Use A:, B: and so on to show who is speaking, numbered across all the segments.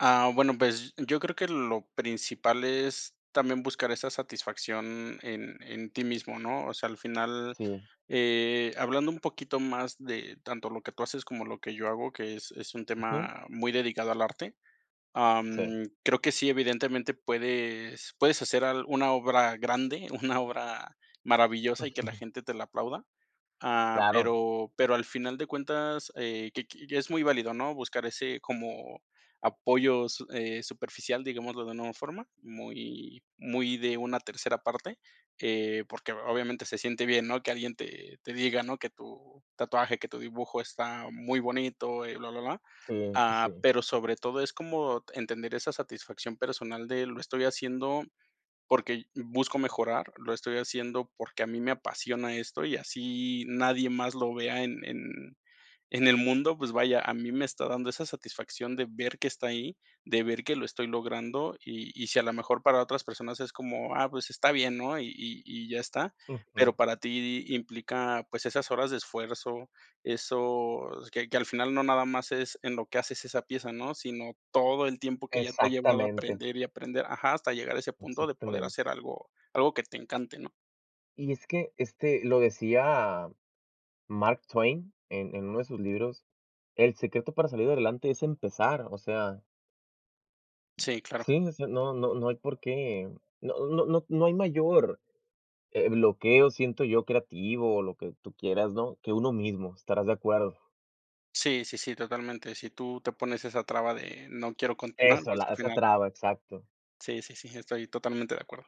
A: Ah, bueno, pues, yo creo que lo principal es también buscar esa satisfacción en en ti mismo, ¿no? O sea, al final,
B: Sí.
A: eh, hablando un poquito más de tanto lo que tú haces como lo que yo hago, que es es un
B: Ujú.
A: tema muy dedicado al arte,
B: Sí.
A: am, creo que sí, evidentemente, puedes puedes hacer al una obra grande, una obra maravillosa y que la
B: Ujú.
A: gente te la aplauda. Ah,
B: Claro.
A: pero pero al final de cuentas, eh, que qui ya es muy válido, ¿no?, buscar ese como apoyo su eh, superficial, digámoslo de una forma, muy muy de una tercera parte que porque obviamente se siente bien, ¿no?, que alguien te te diga, ¿no?, que tu tatuaje, que tu dibujo está muy bonito y blablablá.
B: Sí, pues,
A: Ah,
B: sí.
A: pero sobre todo es como entender esa satisfacción personal de lo estoy haciendo porque busco mejorar, lo estoy haciendo porque a mí me apasiona esto y así nadie más lo vea en en en el mundo, pues, vaya, a mí me está dando esa satisfacción de ver que está ahí, de ver que lo estoy logrando y y si a lo mejor para otras personas es como, ah, pues está bien, ¿no? Y y y ya está, pero
B: Ujú.
A: para ti implica, pues, esas horas de esfuerzo, eso que que al final no nada más es en lo que haces esa pieza, ¿no?, sino todo el tiempo que ya te ha llevado
B: Exactamente
A: aprender y aprender ajá, hasta llegar a ese punto de poder hacer
B: Exactamente.
A: algo algo que te encante, ¿no?
B: Y es que, este, lo decía Mark Twain en en uno de sus libros: "El secreto para salir adelante es empezar". O sea
A: Sí, claro.
B: Sí, o sea, no no no hay por qué, no no no no hay mayor, eh, bloqueo, siento yo, creativo o lo que tú quieras, ¿no?, que uno mismo, estarás de acuerdo.
A: Sí sí sí, totalmente. Si tú te pones esa traba de no quiero continuar,
B: Eso,
A: pues,
B: la
A: al
B: esa
A: final
B: traba, exacto.
A: Sí sí sí, estoy totalmente de acuerdo.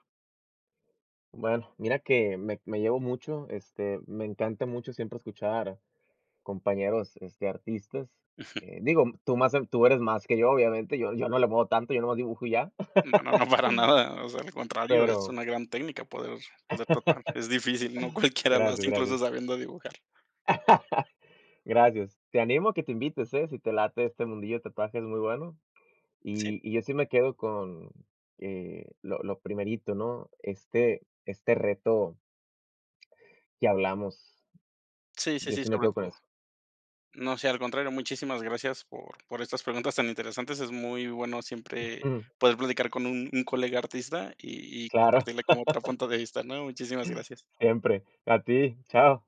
B: Bueno, mira que me me llevo mucho, este, me encanta mucho siempre escuchar compañeros, este, artistas,
A: Ujú.
B: eh, digo, tú má tú eres más que yo, obviamente, yo yo no le muevo tanto, yo nomás dibujo y ya.
A: No no no, para nada, o sea, al contrario, es
B: Pero
A: una gran técnica poder poder tatuar, es difícil, no cualquiera lo
B: Gracias,
A: hace, incluso
B: gracias.
A: sabiendo dibujar.
B: Gracias. Te animo a que te invites, ¿eh? Si te late este mundillo de tatuajes es muy bueno,
A: Sí.
B: y y yo sí me quedo con, eh, lo lo primerito, ¿no? Este este reto que hablamos,
A: Sí sí
B: yo
A: sí,
B: sí me
A: sobre
B: quedo con
A: todo.
B: eso.
A: No, sí, al contrario, muchísimas gracias por por estas preguntas tan interesantes. Es muy bueno siempre
B: Ujú.
A: poder platicar con un un colega artista y y
B: Claro.
A: compartirle como otro punto de vista, ¿no? Muchísimas gracias.
B: Siempre. A ti, chao.